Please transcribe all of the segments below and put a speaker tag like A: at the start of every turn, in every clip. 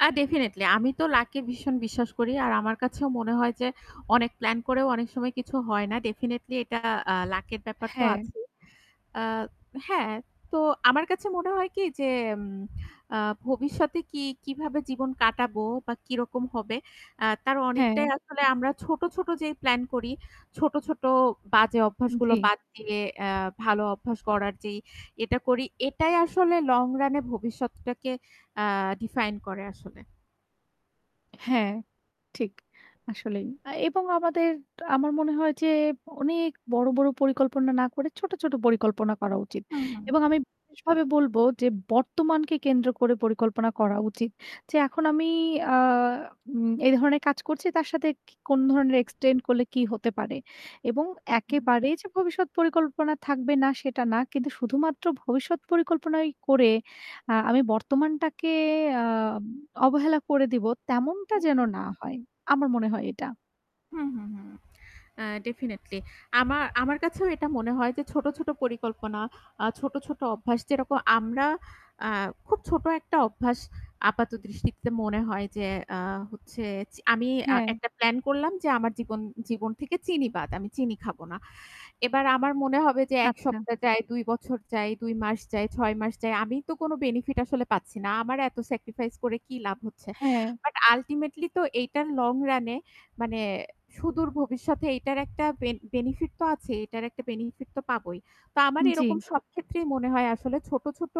A: আ definitely আমি তো lucky ভীষণ বিশ্বাস করি। আর আমার কাছেও মনে হয় যে অনেক প্ল্যান করেও অনেক সময় কিছু হয় না। ডেফিনিটলি এটা আ লাক এর ব্যাপার তো
B: হ্যাঁ।
A: আছেই। আ হ্যাঁ তো আমার কাছে মনে হয় কি যে এম আ ভবিষ্যতে কি কিভাবে জীবন কাটাবো বা কিরকম হবে আ তার
B: হ্যাঁ।
A: অনেকটাই আসলে আমরা ছোট, ছোট যেই প্লান করি ছোট, ছোট বাজে অভ্যাসগুলো
B: জ্বী।
A: বাদ দিয়ে এ্যা ভালো অভ্যাস করার যেই এটা করি এটাই আসলে লং রান এ ভবিষ্যৎটাকে আ ডিফাইন করে আসলে।
B: হ্যাঁ, ঠিক। আসলেই। আ এবং আমাদের আমার মনে হয় যে অনেক বড়, বড় পরিকল্পনা না করে ছোট, ছোট পরিকল্পনা করা উচিত।
A: হুম, হুম।
B: এবং আমি বিশেষ ভাবে বলব যে বর্তমানকে কেন্দ্র করে পরিকল্পনা করা উচিত। যে এখন আমি আ উম এই ধরনের কাজ করছি তার সাথে কি কোন ধরনের এক্সটেন্ড করলে কি হতে পারে। এবং
A: হু, হু।
B: একেবারেই যে ভবিষ্যৎ পরিকল্পনা থাকবে না সেটা না। কিন্তু শুধুমাত্র ভবিষ্যৎ পরিকল্পনাই করে আ আমি বর্তমানটাকে আম অবহেলা করে দিব। তেমনটা
A: হু,
B: যেন
A: হু।
B: না হয়। আমার মনে হয় এটা।
A: হুম, হুম, হুম, আ ডেফিনিটলি আমা আমার কাছেও এটা মনে হয় যে ছোট, ছোট, পরিকল্পনা আ ছোট, ছোট, অভ্যাস যেরকম আমরা আ খুব ছোট একটা অভ্যাস আপাত দৃষ্টিতে মনে হয় যে আ হচ্ছে চি আমি আ
B: হ্যাঁ।
A: একটা প্লান করলাম যে আমার জীবন জীবন, থেকে চিনি বাদ আমি চিনি খাবো না। এবার আমার মনে হবে যে ১
B: আচ্ছা।
A: সপ্তাহ যাই, ২ বছর যাই, ২ মাস যাই, ৬ মাস যাই আমি তো কোন বেনিফিট আসলে পাচ্ছি না। আমার এত সেক্রিফাইস করে কি লাভ হচ্ছে।
B: হ্যাঁ।
A: বাট আল্টিমেটলি তো এটা লং রান এ মানে সুদূর ভবিষ্যতে এটার একটা বেন বেনিফিট তো আছেই। এটার একটা বেনিফিট তো পাবোই। তো আমার এরকম
B: জ্বি।
A: সব ক্ষেত্রেই মনে হয় আসলে ছোট, ছোট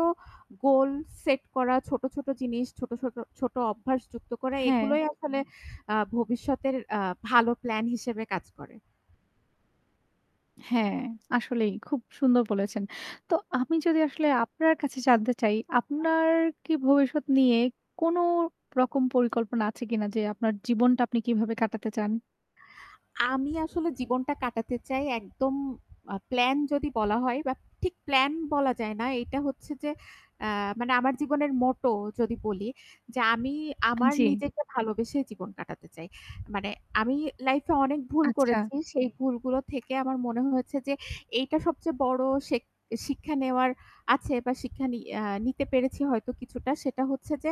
A: গোল সেট করা, ছোট, ছোট জিনিস ছোট, ছোট ছোট, অভ্যাস যুক্ত করা
B: হ্যাঁ।
A: এগুলোই আসলে আ ভবিষ্যতের আ ভালো প্ল্যান হিসেবে কাজ করে।
B: হ্যাঁ, আসলেই খুব সুন্দর বলেছেন। তো আমি যদি আসলে আপনার কাছে জানতে চাই
A: আচ্ছা।
B: আপনার কি ভবিষ্যৎ নিয়ে কোন রকম পরিকল্পনা আছে কিনা? যে আপনার জীবনটা আপনি কিভাবে কাটাতে চান?
A: আমি আসলে জীবনটা কাটাতে চাই একদম আ প্লান যদি বলা হয় বা ঠিক প্লান বলা যায় না। এটা হচ্ছে যে এ্যা মানে আমার জীবনের মোটো যদি বলি। যে আমি আমার
B: জ্বি।
A: নিজেকে ভালোবেসে জীবন কাটাতে চাই। মানে আমি লাইফ এ অনেক ভুল
B: আচ্ছা।
A: করেছি। সেই ভুলগুলো থেকে আমার মনে হয়েছে যে এইটা সবচেয়ে বড় শেখ শিক্ষা নেওয়ার আছে বা শিক্ষা নিআ নিতে পেরেছি হয়তো কিছুটা সেটা হচ্ছে যে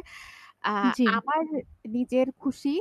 A: আ
B: জ্বি।
A: আমার নিজের খুশি